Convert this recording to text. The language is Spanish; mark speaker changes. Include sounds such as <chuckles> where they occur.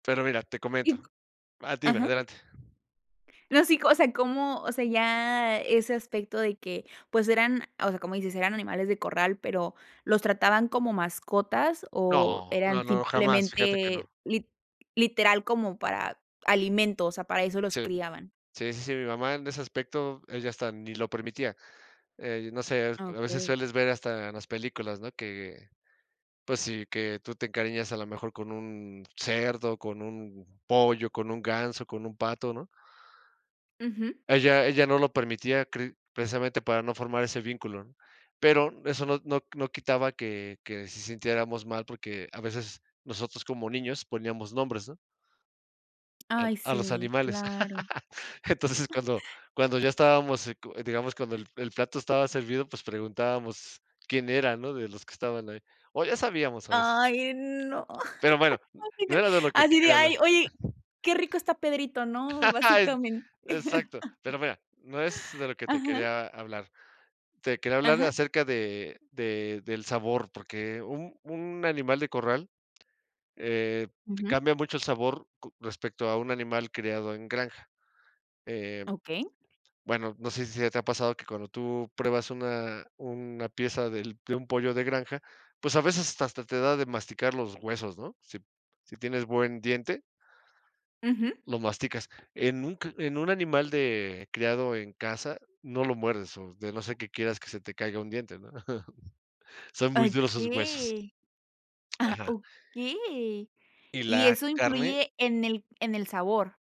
Speaker 1: Pero mira, te comento
Speaker 2: Y co
Speaker 1: Ah, dime,
Speaker 2: ajá.
Speaker 1: adelante.
Speaker 2: No, sí. O sea, cómo o sea, ya ese aspecto de que, pues, eran o sea, como dices, eran animales de corral. Pero, ¿los trataban como mascotas o
Speaker 1: No,
Speaker 2: eran
Speaker 1: no, no, jamás. Fíjate que no.
Speaker 2: simplemente, lit literal como para alimento? O sea, para eso los
Speaker 1: Sí,
Speaker 2: criaban.
Speaker 1: sí, sí, sí, mi mamá en ese aspecto, ella hasta ni lo permitía. Eh, no sé,
Speaker 2: Ah,
Speaker 1: a veces
Speaker 2: okey.
Speaker 1: sueles ver hasta en las películas, ¿no?, que, pues sí, que tú te encariñas a lo mejor con un cerdo, con un pollo, con un ganso, con un pato, ¿no?
Speaker 2: Ujú.
Speaker 1: Ella ella no lo permitía, cre precisamente, para no formar ese vínculo, ¿no?, pero eso no no no quitaba que que sí sintiéramos mal, porque a veces, nosotros como niños poníamos nombres, ¿no? A
Speaker 2: Ay,
Speaker 1: a los
Speaker 2: sí,
Speaker 1: animales.
Speaker 2: claro.
Speaker 1: <laughs> Entonces, cuando cuando ya estábamos se cu digamos, cuando el el plato estaba servido, pues, preguntábamos quién era, ¿no?, de los que estaban ahí, o ya sabíamos, a veces.
Speaker 2: Ay, no.
Speaker 1: Pero bueno, no
Speaker 2: <laughs>
Speaker 1: era de lo que te
Speaker 2: Así de
Speaker 1: quería hablar.
Speaker 2: ay, oye, qué rico está Pedrito, ¿no?,
Speaker 1: <laughs>
Speaker 2: basicamen
Speaker 1: E exacto, pero
Speaker 2: <laughs>
Speaker 1: mira, no es de lo que te
Speaker 2: Ajá.
Speaker 1: quería hablar. Te quería hablar
Speaker 2: Ajá.
Speaker 1: acerca de de del sabor, porque un un animal de corral, eh,
Speaker 2: Ujú.
Speaker 1: cambia mucho el sabor co respecto a un animal criado en granja. Eh,
Speaker 2: Okey.
Speaker 1: bueno, no sé si se te ha pasado que cuando tú pruebas una una pieza del de un pollo de granja, pues, a veces hasta te da de masticar los huesos, ¿no?, si si tienes buen diente,
Speaker 2: Ujú.
Speaker 1: lo masticas. En un cr en un animal de criado en casa no lo muerdes, o de no ser que quieras que se te caiga un diente, ¿no? <chuckles> Son muy duros sus huesos.
Speaker 2: Okey, ajá,
Speaker 1: Ajá.
Speaker 2: okey,
Speaker 1: Y
Speaker 2: y
Speaker 1: la
Speaker 2: eso
Speaker 1: carne
Speaker 2: influye en el en el sabor.